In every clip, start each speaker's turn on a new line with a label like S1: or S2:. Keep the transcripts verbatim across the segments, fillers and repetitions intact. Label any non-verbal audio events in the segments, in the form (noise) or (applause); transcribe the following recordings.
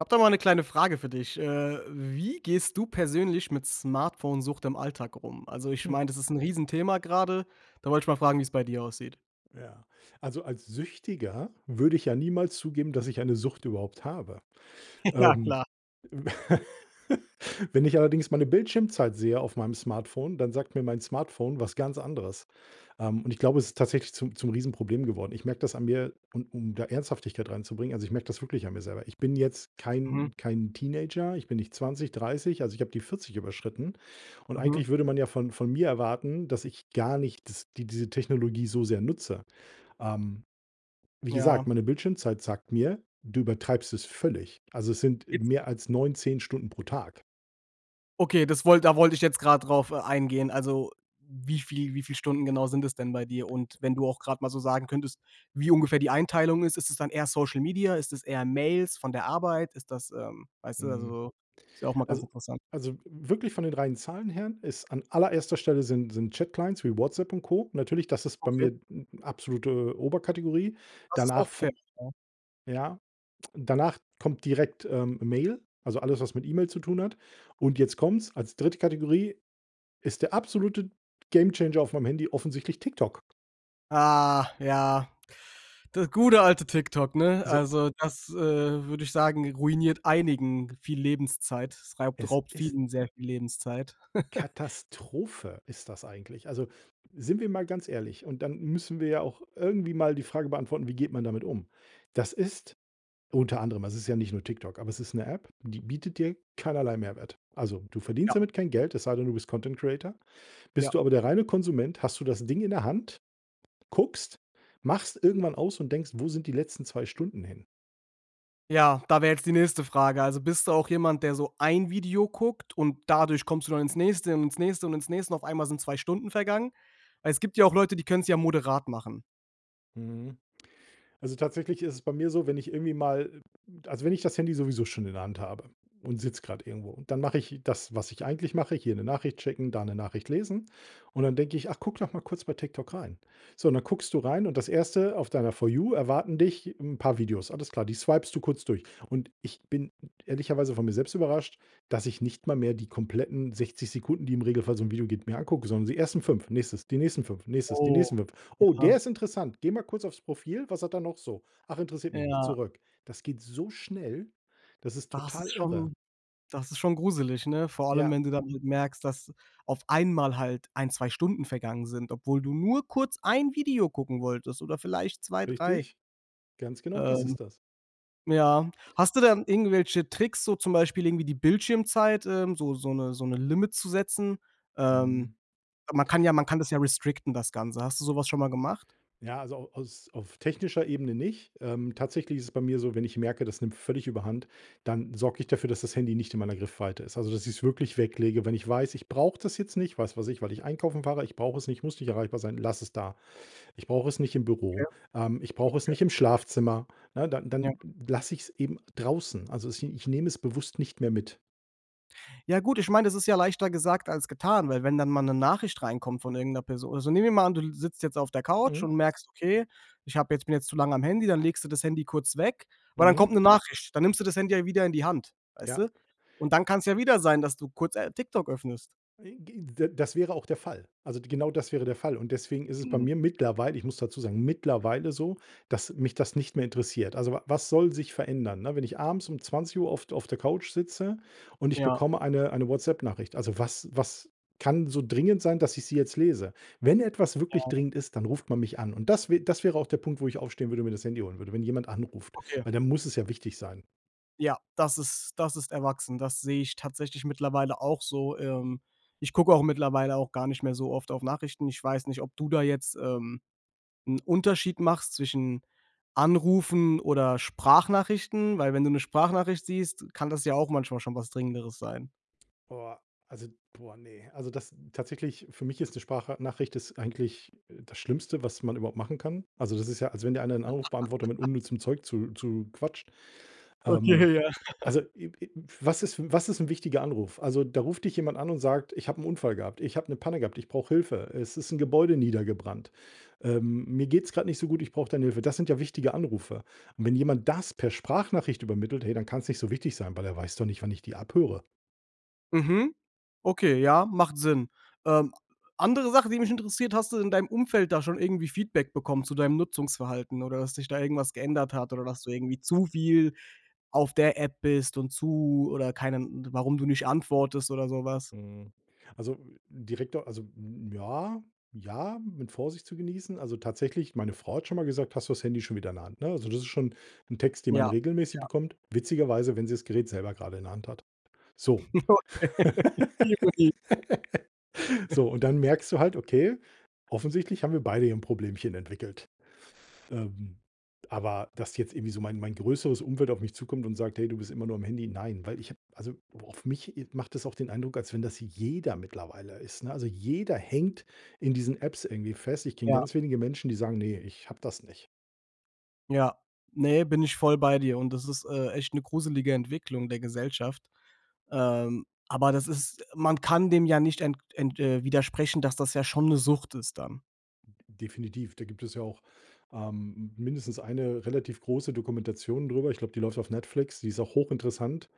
S1: Habe da mal 'ne kleine Frage für dich. Äh, wie gehst du persönlich mit Smartphone Sucht im Alltag rum? Also, ich
S2: Hm.
S1: meine, das ist 'n Riesenthema gerade. Da wollte ich mal fragen, wie's bei dir aussieht?
S2: Ja. Also, als Süchtiger würde ich ja niemals zugeben, dass ich eine Sucht überhaupt habe.
S1: (chuckles) Ja,
S2: Ähm,
S1: klar.
S2: w (laughs) wenn ich allerdings meine Bildschirmzeit sehe auf meinem Smartphone, dann sagt mir mein Smartphone was ganz anderes. Ähm, und ich glaube, es ist tatsächlich zum zum Riesenproblem geworden. Ich merke das an mir, und um da Ernsthaftigkeit reinzubringen also, ich merke das wirklich an mir selber. Ich bin jetzt
S1: Mhm.
S2: kein kein Teenager. Ich bin nicht zwanzig, dreißig. Also, ich habe die vierzig überschritten. Und
S1: Mhm.
S2: eigentlich würde man ja von von mir erwarten, dass ich gar nicht das dies diese Technologie so sehr nutze. Ähm, wie gesagt,
S1: Ja.
S2: meine Bildschirmzeit sagt mir: „Du übertreibst es völlig.“ Also, es sind, äh,
S1: Gib
S2: mehr als neun, zehn Stunden pro Tag.
S1: Okay, das wollt da wollte ich jetzt gerade drauf e eingehen. Also, wie viel wie viele Stunden genau sind das denn bei dir? Und wenn du auch gerade mal so sagen könntest, wie ungefähr die Einteilung ist, ist es dann eher Social Media? Ist das eher Mails von der Arbeit? Ist das, ähm weißt du
S2: Mhm.
S1: also, ist ja auch mal ganz
S2: Also
S1: interessant.
S2: also, wirklich von den reinen Zahlen her ist an allererster Stelle sind sind Chat Clients wie WhatsApp und Co. Natürlich, das ist bei
S1: Okay.
S2: mir n absolute Oberkategorie.
S1: Das ist
S2: Danach
S1: auch
S2: fo
S1: fett, ja.
S2: ja, danach kommt direkt, ähm, Mail, also, alles was mit E-Mail zu tun hat. Und jetzt kommt's, als dritte Kategorie ist der absolute Gamechanger auf meinem Handy offensichtlich TikTok.
S1: Ah, ja. Das gute alte TikTok, ne?
S2: So.
S1: Also, das, äh, würde ich sagen, ruiniert einigen viel Lebenszeit. Es reibt
S2: Es
S1: raubt
S2: ist
S1: vielen sehr viel Lebenszeit. (chuckles)
S2: Katastrophe ist das eigentlich. Also, sind wir mal ganz ehrlich. Und dann müssen wir ja auch irgendwie mal die Frage beantworten, wie geht man damit um? Das ist unter anderem, es ist ja nicht nur TikTok aber es ist 'ne App, die bietet dir keinerlei Mehrwert. Also, du verdienst
S1: Ja.
S2: damit kein Geld, es sei denn, du bist Content-Creator.
S1: Ja.
S2: Bist du aber der reine Konsument, hast du das Ding in der Hand, guckst, machst irgendwann aus und denkst, wo sind die letzten zwei Stunden hin?
S1: Ja, da wäre jetzt die nächste Frage. Also bist du auch jemand, der so ein Video guckt? Und dadurch kommst du dann ins nächste und ins nächste und ins nächste, und auf einmal sind zwei Stunden vergangen? Weil es gibt ja auch Leute, die können's ja moderat machen.
S2: Mhm. Also tatsächlich ist es bei mir so, wenn ich irgendwie mal also, wenn ich das Handy sowieso schon in der Hand habe und sitze gerade irgendwo und dann mache ich das, was ich eigentlich mache, hier 'ne Nachricht schicken, da 'ne Nachricht lesen. Und dann denke ich, ach, guck doch mal kurz bei TikTok rein. So und dann guckst du rein und das erste auf deiner For You erwarten dich 'n paar Videos. Alles klar, die swipest du kurz durch. Und ich bin ehrlicherweise von mir selbst überrascht, dass ich nicht mal mehr die kompletten sechzig Sekunden, die im Regelfall so 'n Video geht, mir angucke, sondern die ersten fünf, nächstes, die nächsten fünf, nächstes, die
S1: Oh,
S2: nächsten fünf. Oh,
S1: ja.
S2: der ist interessant. Gehe mal kurz aufs Profil, was hat der noch so? Ach, interessiert mich nicht,
S1: Ja.
S2: zurück. Das geht so schnell. Das ist
S1: Das
S2: total
S1: ist
S2: irre.
S1: schon das ist schon gruselig, ne? Vor allem,
S2: Ja.
S1: wenn du dann halt merkst, dass auf einmal halt ein, zwei Stunden vergangen sind, obwohl du nur kurz ein Video gucken wolltest oder vielleicht zwei, drei.
S2: Richtig. Ganz genau, das
S1: Ähm.
S2: ist das.
S1: Ja. Hast du denn irgendwelche Tricks, so zum Beispiel irgendwie die Bildschirmzeit? Ähm, so so 'ne so 'ne Limit zu setzen? Ähm.
S2: Mhm.
S1: Man kann ja man kann das ja restricten, das Ganze. Hast du sowas schon mal gemacht?
S2: Ja, also au aus auf technischer Ebene nicht. Ähm, tatsächlich ist es bei mir so, wenn ich merke, das nimmt völlig Überhand, dann sorge ich dafür, dass das Handy nicht in meiner Griffweite ist. Also, dass ich's wirklich weglege. Wenn ich weiß, ich brauche das jetzt nicht, was weiß ich, weil ich einkaufen fahre ich brauche es nicht, ich muss nicht erreichbar sein lasse es da. Ich brauche es nicht im
S1: Okay.
S2: Büro. Ähm, ich brauche es
S1: (unintelligible)
S2: nicht im Schlafzimmer. Ne, dann
S1: Ja.
S2: dann lasse ich's eben draußen. Also, es i ich nehme es bewusst nicht mehr mit.
S1: Ja, gut ich meine, das ist ja leichter gesagt als getan. Weil wenn dann mal 'ne Nachricht reinkommt von irgend 'ner Person Also, nehmen wir mal an, du sitzt jetzt auf der Couch
S2: Mhm.
S1: und merkst: „Okay, ich habe jetzt bin jetzt zu lange am Handy.“ Dann legst du das Handy kurz weg. Und dann
S2: Mhm.
S1: kommt 'ne Nachricht. Dann nimmst du das Handy ja wieder in die Hand, weißt
S2: Ja.
S1: du? Und dann kann's ja wieder sein, dass du kurz, äh, TikTok öffnest.
S2: I g d das wäre auch der Fall. Also d genau das wäre der Fall. Und deswegen ist es bei
S1: Mhm.
S2: mir mittlerweile ich muss dazu sagen, mittlerweile so, dass mich das nicht mehr interessiert. Also wa was soll sich verändern, ne, wenn ich abends um zwanzig Uhr auf auf der Couch sitze und ich
S1: Ja.
S2: bekomme eine eine WhatsApp-Nachricht. Also was was kann so dringend sein, dass ich sie jetzt lese? Wenn etwas wirklich
S1: Ja.
S2: dringend ist, dann ruft man mich an. Und das wä das wäre auch der Punkt, wo ich aufstehen würde und mir das Handy holen würde, wenn jemand anruft,
S1: Okay.
S2: weil dann muss es ja wichtig sein.
S1: Ja, das ist das ist erwachsen. Das sehe ich tatsächlich mittlerweile auch so. Ähm, ich gucke auch mittlerweile auch gar nicht mehr so oft auf Nachrichten. Ich weiß nicht, ob du da jetzt, ähm, 'n Unterschied machst zwischen Anrufen oder Sprachnachrichten. Weil wenn du 'ne Sprachnachricht siehst, kann das ja auch manchmal schon was Dringenderes sein.
S2: Boah, also boah, ne? Also, das tatsächlich, für mich ist 'ne Spracha Nachricht ist eigentlich, äh, das Schlimmste, was man überhaupt machen kann. Also, das ist ja, als wenn dir einer 'n Anrufbeantworter mit
S1: (laughs)
S2: unnützem Zeug zu zuquatscht.
S1: Okay,
S2: Ähm,
S1: ja. (laughs)
S2: also, i i was ist f was ist 'n wichtiger Anruf? Also, da ruft dich jemand an und sagt: „Ich habe 'n Unfall gehabt. Ich habe 'ne Panne gehabt. Ich brauche Hilfe. Es ist 'n Gebäude niedergebrannt. Ähm, mir geht 's gerade nicht so gut, ich brauche deine Hilfe.“ Das sind ja wichtige Anrufe. Und wenn jemand das per Sprachnachricht übermittelt, hey, dann kann 's nicht so wichtig sein, weil er weiß doch nicht, wann ich die abhöre.
S1: Mhm, okay, ja, macht Sinn. Ähm, andere Sache, die mich interessiert: Hast du in deinem Umfeld da schon irgendwie Feedback bekommen zu deinem Nutzungsverhalten oder dass sich da irgendwas geändert hat? Oder dass du irgendwie zu viel auf der App bist und zu oder keinen d warum du nicht antwortest oder sowas?
S2: Hm, also direkt do also, ja, ja, mit Vorsicht zu genießen. Also tatsächlich, meine Frau hat schon mal gesagt: „Hast du das Handy schon wieder in der Hand,“ ne? Also, das ist schon 'n Text, den
S1: Ja,
S2: man
S1: ja.
S2: regelmäßig bekommt. Witzigerweise, wenn sie's Gerät selber gerade in der Hand hat, so.
S1: Okay,
S2: (laughs)
S1: Ironie. (chuckles)
S2: So, und dann merkst du halt: „Okay, offensichtlich haben wir beide hier 'n Problemchen entwickelt.“ Ähm, aber, dass jetzt irgendwie so mein mein größeres Umfeld auf mich zukommt und sagt: „Hey, du bist immer nur am Handy.“ Nein, weil ich habe, also wo auf mich, äh, macht das auch den Eindruck, als wenn das jeder mittlerweile ist, ne? Also jeder hängt in diesen Apps irgendwie fest. Ich kenne
S1: Ja.
S2: ganz wenige Menschen, die sagen: „Ne, ich habe das nicht.“
S1: Ja. Ne, bin ich voll bei dir. Und das ist, äh, echt 'ne gruselige Entwicklung der Gesellschaft. Ähm, aber das ist man kann dem ja nicht ent ent äh, widersprechen, dass das ja schon 'ne Sucht ist dann.
S2: D definitiv, da gibt es ja auch, ähm, mindestens eine relativ große Dokumentation darüber. Ich glaube, die läuft auf Netflix. Die ist auch hochinteressant,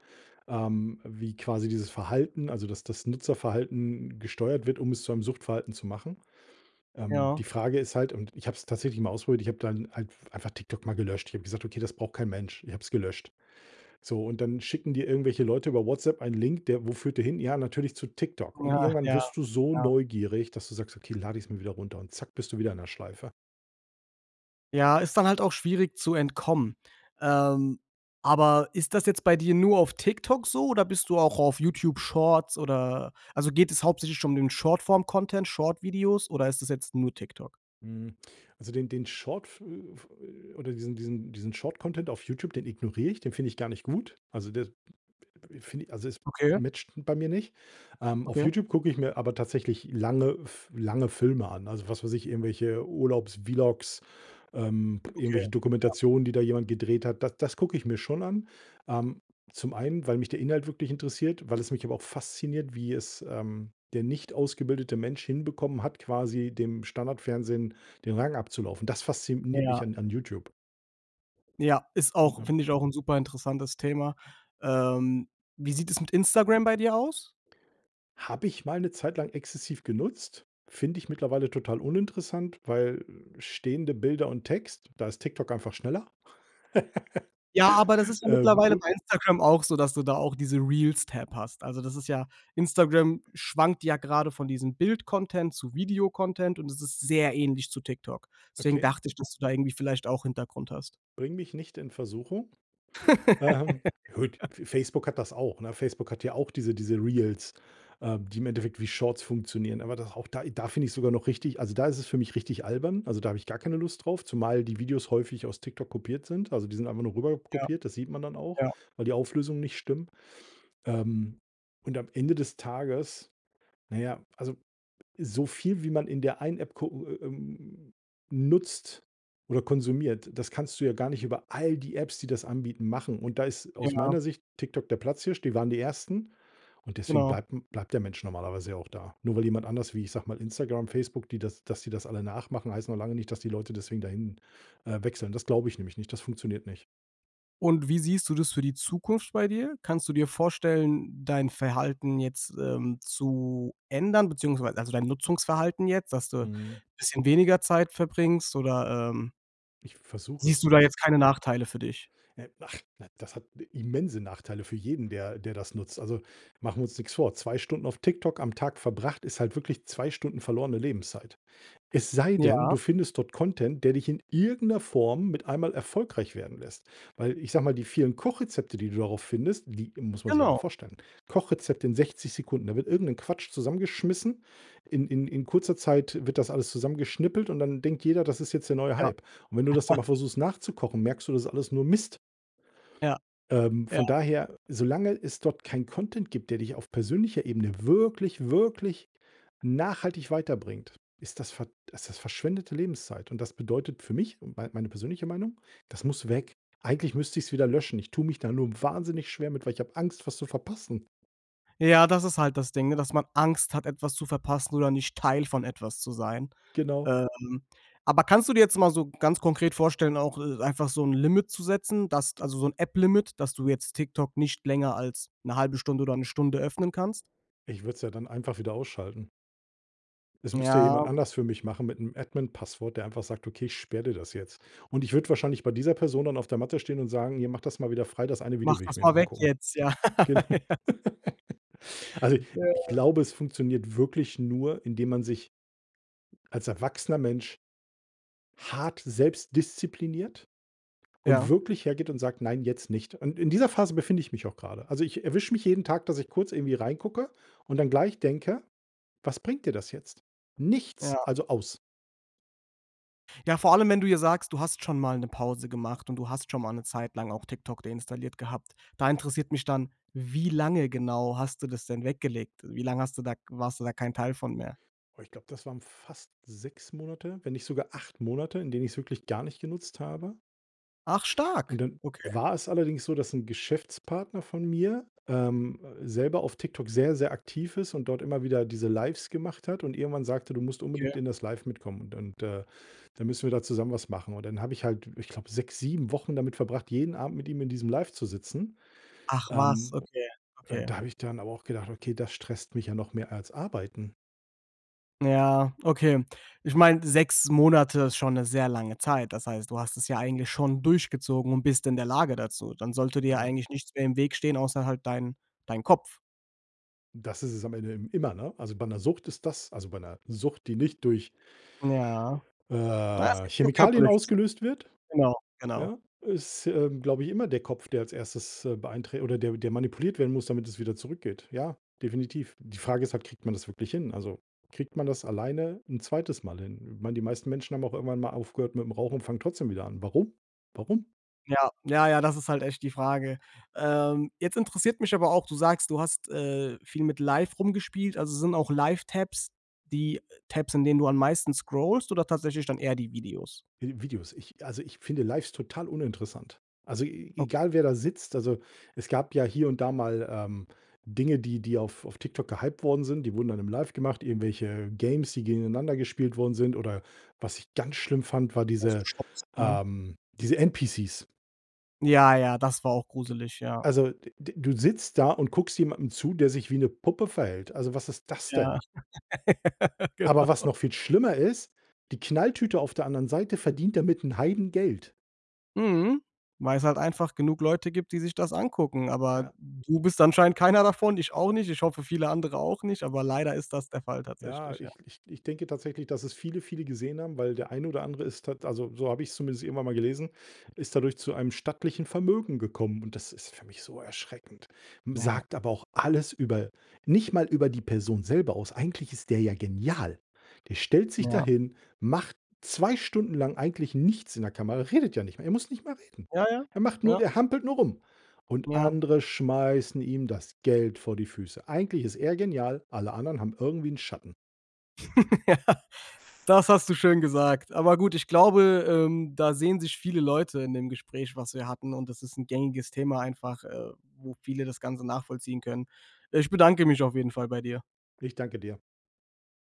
S2: ähm, wie quasi dieses Verhalten also, dass das Nutzerverhalten gesteuert wird, um es zu einem Suchtverhalten zu machen. Ähm,
S1: Ja.
S2: die Frage ist halt und ich habe es tatsächlich mal ausprobiert. Ich habe dann halt einfach TikTok mal gelöscht. Ich habe gesagt: „Okay, das braucht kein Mensch.“ Ich habe es gelöscht. So und dann schicken dir irgendwelche Leute über WhatsApp einen Link, der wo führt der hin? Ja, natürlich zu TikTok. Und
S1: Ja,
S2: irgendwann
S1: ja,
S2: wirst du so
S1: ja.
S2: neugierig, dass du sagst: „Okay, lade ich es mir wieder runter." Und zack, bist du wieder in der Schleife.
S1: Ja, ist dann halt auch schwierig zu entkommen. Ähm, aber ist das jetzt bei dir nur auf TikTok so oder bist du auch auf YouTube Shorts, oder also geht es hauptsächlich schon um den Short-Form-Content Short Videos oder ist das jetzt nur TikTok?
S2: Hm, also den den Shortf f äh, f äh, oder diesen diesen diesen Short Content auf YouTube, den ignoriere ich. Den finde ich gar nicht gut. Also, der d d finde ich also, es
S1: Okay.
S2: matched bei mir nicht. Ähm, auf
S1: Okay.
S2: YouTube gucke ich mir aber tatsächlich lange f lange Filme an. Also, was weiß ich, irgendwelche Urlaubs-Vlogs, ähm,
S1: Okay,
S2: irgendwelche
S1: ja.
S2: Dokumentationen, die da jemand gedreht hat. Da das gucke ich mir schon an, ähm, zum einen, weil mich der Inhalt wirklich interessiert, weil es mich aber auch fasziniert, wie es, ähm, der nicht ausgebildete Mensch hinbekommen hat, quasi dem Standardfernsehen den Rang abzulaufen. Das fasziniert
S1: Ja.
S2: mich an an YouTube.
S1: Ja, ist auch
S2: (unintelligible)
S1: finde ich auch 'n super interessantes Thema. Ähm, wie sieht es mit Instagram bei dir aus?
S2: Habe ich mal 'ne Zeitlang exzessiv genutzt, finde ich mittlerweile total uninteressant, weil stehende Bilder und Text da ist TikTok einfach schneller.
S1: Ja, aber das ist
S2: (laughs)
S1: ja
S2: Ähm,
S1: mittlerweile
S2: u
S1: bei Instagram auch so, dass du da auch diese Reels-Tab hast. Also, das ist ja Instagram schwankt ja gerade von diesem Bildcontent zu Videocontent. Und das ist sehr ähnlich zu TikTok. Deswegen
S2: Okay.
S1: dachte ich, dass du da irgendwie vielleicht auch Hintergrund hast.
S2: Bring mich nicht in Versuchung. Ähm, gut
S1: (laughs)
S2: Facebook hat das auch, ne? Facebook hat ja auch diese diese Reels, äh, die im Endeffekt wie Shorts funktionieren. Aber da auch da da finde ich sogar noch richtig also, da ist es für mich richtig albern. Also, da habe ich gar keine Lust drauf, zumal die Videos häufig aus TikTok kopiert sind. Also, die sind einfach nur rüber
S1: Ja.
S2: kopiert. Das sieht man dann auch,
S1: Ja.
S2: weil die Auflösungen nicht stimmen. Ähm, und am Ende des Tages na ja, also, so viel, wie man in der einen App gucken, äh, ähm nutzt oder konsumiert. Das kannst du ja gar nicht über all die Apps, die das anbieten, machen. Und da ist aus
S1: Ja.
S2: meiner Sicht TikTok der Platzhirsch. Die waren die ersten. Und deswegen
S1: Genau.
S2: bleibt m bleibt der Mensch normalerweise ja auch da. Nur weil jemand anders wie, ich sage mal Instagram, Facebook, die das dass die das alle nachmachen, heißt noch lange nicht, dass die Leute deswegen dahin, äh, wechseln. Das glaube ich nämlich nicht. Das funktioniert nicht.
S1: Und wie siehst du das für die Zukunft bei dir? Kannst du dir vorstellen dein Verhalten jetzt, ähm, zu ändern? Beziehungsweise, also, dein Nutzungsverhalten jetzt, dass du 'n
S2: Mhm.
S1: bisschen weniger Zeit verbringst, oder, ähm
S2: Ich versuche
S1: siehst du
S2: es.
S1: da
S2: Also
S1: jetzt keine Nachteile für dich?
S2: Ne, ach na, das hat ne immense Nachteile für jeden, der der das nutzt. Also machen wir uns nix vor. Zwei Stunden auf TikTok am Tag verbracht ist halt wirklich zwei Stunden verlorene Lebenszeit. Es sei denn,
S1: Ja.
S2: du findest dort Content, der dich in irgend 'ner Form mit einem Mal erfolgreich werden lässt. Weil ich sage mal, die vielen Kochrezepte, die du darauf findest, die muss man sich ja mal
S1: Genau.
S2: vorstellen, Kochrezepte in sechzig Sekunden. Da wird irgend 'n Quatsch zusammengeschmissen, in in in kurzer Zeit wird das alles zusammengeschnippelt und dann denkt jeder, das ist jetzt der neue
S1: Ja.
S2: Hype. Und wenn du das dann mal
S1: (chuckles)
S2: versuchst nachzukochen, merkst du, das ist alles nur Mist.
S1: Ja,
S2: Ähm,
S1: ja.
S2: von daher, solange es dort kein Content gibt, der dich auf persönlicher Ebene wirklich, wirklich nachhaltig weiterbringt, ist das ver ist das verschwendete Lebenszeit. Und das bedeutet für mich, mein meine persönliche Meinung: Das muss weg. Eigentlich müsste ich's wieder löschen. Ich tue mich da nur wahnsinnig schwer mit, weil ich habe Angst, was zu verpassen.
S1: Ja, das ist halt das Ding, ne, dass man Angst hat etwas zu verpassen oder nicht Teil von etwas zu sein.
S2: Genau.
S1: Ähm, aber kannst du dir jetzt mal so ganz konkret vorstellen, auch, äh, einfach so 'n Limit zu setzen, dass also, so 'n App-Limit, dass du jetzt TikTok nicht länger als 'ne halbe Stunde oder 'ne Stunde öffnen kannst.
S2: Ich würde es ja dann einfach wieder ausschalten. Es müsste jemand
S1: Ja.
S2: anders für mich machen mit 'nem Admin Passwort, der einfach sagt: „Okay, ich sperre dir das jetzt.“ Und ich würde wahrscheinlich bei dieser Person dann auf der Matte stehen und sagen: „Hier, mach das mal wieder frei. Das eine
S1: „Mach
S2: Video will ich
S1: das
S2: mir
S1: mal
S2: eben
S1: weg
S2: angucken.“
S1: jetzt, ja, ja.
S2: Genau.
S1: (laughs)
S2: (laughs) Also, ich
S1: Ja.
S2: glaube, es funktioniert wirklich nur, indem man sich als erwachsener Mensch hart selbst diszipliniert und
S1: Ja.
S2: wirklich hergeht und sagt: „Nein, jetzt nicht.“ Und in dieser Phase befinde ich mich auch gerade. Also, ich erwische mich jeden Tag, dass ich kurz irgendwie reingucke und dann gleich denke: „Was bringt dir das jetzt? Nichts.
S1: Ja.
S2: Also aus.”
S1: Ja, vor allem, wenn du ja sagst, du hast schon mal 'ne Pause gemacht. Und du hast schon mal 'ne Zeit lang auch TikTok deinstalliert gehabt. Da interessiert mich dann: Wie lange genau hast du das denn weggelegt? Wie lange hast du da k warst du da kein Teil von mehr?
S2: Oh, ich glaube, das waren fast sechs Monate, wenn nicht sogar acht Monate, in denen ich's wirklich gar nicht genutzt habe.
S1: Ach, stark!
S2: Und dann
S1: Okay.
S2: war es allerdings so, dass 'n Geschäftspartner von mir, ähm, selber auf TikTok sehr, sehr aktiv ist und dort immer wieder diese Lives gemacht hat. Und irgendwann sagte: „Du musst
S1: Ja.
S2: unbedingt in das live mitkommen. Und und, äh, dann müssen wir da zusammen was machen.“ Und dann habe ich halt, ich glaube, sechs, sieben Wochen damit verbracht, jeden Abend mit ihm in diesem Live zu sitzen.
S1: Ach was,
S2: Ähm, u
S1: okay,
S2: und
S1: okay.
S2: da habe ich dann aber auch gedacht: „Okay, das stresst mich ja noch mehr als arbeiten.“
S1: Ja, okay. Ich meine, sechs Monate ist schon 'ne sehr lange Zeit. Das heißt, du hast es ja eigentlich schon durchgezogen und bist in der Lage dazu. Dann sollte dir ja
S2: Ja.
S1: eigentlich nichts mehr im Weg stehen, außer halt dein dein Kopf.
S2: Das ist es am Ende i immer, ne? Also bei 'ner Sucht ist das also bei 'ner Sucht, die nicht durch
S1: Ja. Na ja, es
S2: äh,
S1: gibt nur
S2: Chemikalien
S1: körperliche S
S2: ausgelöst wird,
S1: Genau, genau.
S2: ja, ist, äh, glaube ich, immer der Kopf, der als erstes, äh, beeinträch oder der der manipuliert werden muss, damit es wieder zurückgeht. Ja, definitiv. Die Frage ist halt, kriegt man das wirklich hin? Also, kriegt man das alleine 'n zweites Mal hin? Ich meine, die meisten Menschen haben auch irgendwann mal aufgehört mit dem Rauchen und fangen trotzdem wieder an. Warum? Warum?
S1: Ja, ja, ja, das ist halt echt die Frage. Ähm, jetzt interessiert mich aber auch. Du sagst, du hast, äh, viel mit Live rumgespielt. Also sind auch Live-Tabs die Tabs, in denen du am meisten scrollst oder tatsächlich dann eher die Videos?
S2: Vi Videos. Ich äh, also, ich finde Lives total uninteressant. Also e
S1: Okay.
S2: egal, wer da sitzt. Also, es gab ja hier und da mal, ähm, Dinge, die die auf auf TikTok gehyped worden sind. Die wurden dann im Live gemacht. Irgendwelche Games, die gegeneinander gespielt worden sind oder was ich ganz schlimm fand, war
S1: Also
S2: diese
S1: Shops, ne?
S2: ähm, diese NPCs.
S1: Ja, ja, das war auch gruselig, ja.
S2: Also, d d du sitzt da und guckst jemandem zu, der sich wie 'ne Puppe verhält. Also, was ist das
S1: Ja.
S2: denn?
S1: (laughs)
S2: Aber was
S1: Genau.
S2: noch viel schlimmer ist, die Knalltüte auf der anderen Seite verdient damit 'n Heidengeld.
S1: Mhm, weil es halt einfach genug Leute gibt, die sich das angucken. Aber
S2: Ja.
S1: du bist anscheinend keiner davon, ich auch nicht. Ich hoffe, viele andere auch nicht. Aber leider ist das der Fall.
S2: Ja,
S1: Tatsächlich, ja.
S2: ich ich ich denke tatsächlich, dass es viele viele gesehen haben, weil der eine oder andere ist tat also so habe ich es zumindest irgendwann mal gelesen, ist dadurch zu einem stattlichen Vermögen gekommen. Und das ist für mich so erschreckend, hm,
S1: Ja.
S2: sagt aber auch alles über nicht mal über die Person selber aus. Eigentlich ist der ja genial. Der stellt sich
S1: Ja.
S2: dahin, macht zwei Stunden lang eigentlich nichts in der Kamera, redet ja nicht mal. Er muss nicht mal reden.
S1: Ja, ja.
S2: Der macht nur
S1: Ja.
S2: der hampelt nur rum, und
S1: Ja.
S2: andere schmeißen ihm das Geld vor die Füße. Eigentlich ist er genial. Alle anderen haben irgendwie 'n Schatten.
S1: Ja. Das hast du schön gesagt. Aber gut, ich glaube, ähm, da sehen sich viele Leute in dem Gespräch, was wir hatten. Und das ist 'n gängiges Thema einfach, äh, wo viele das Ganze nachvollziehen können. Ich bedanke mich auf jeden Fall bei dir.
S2: Ich danke dir.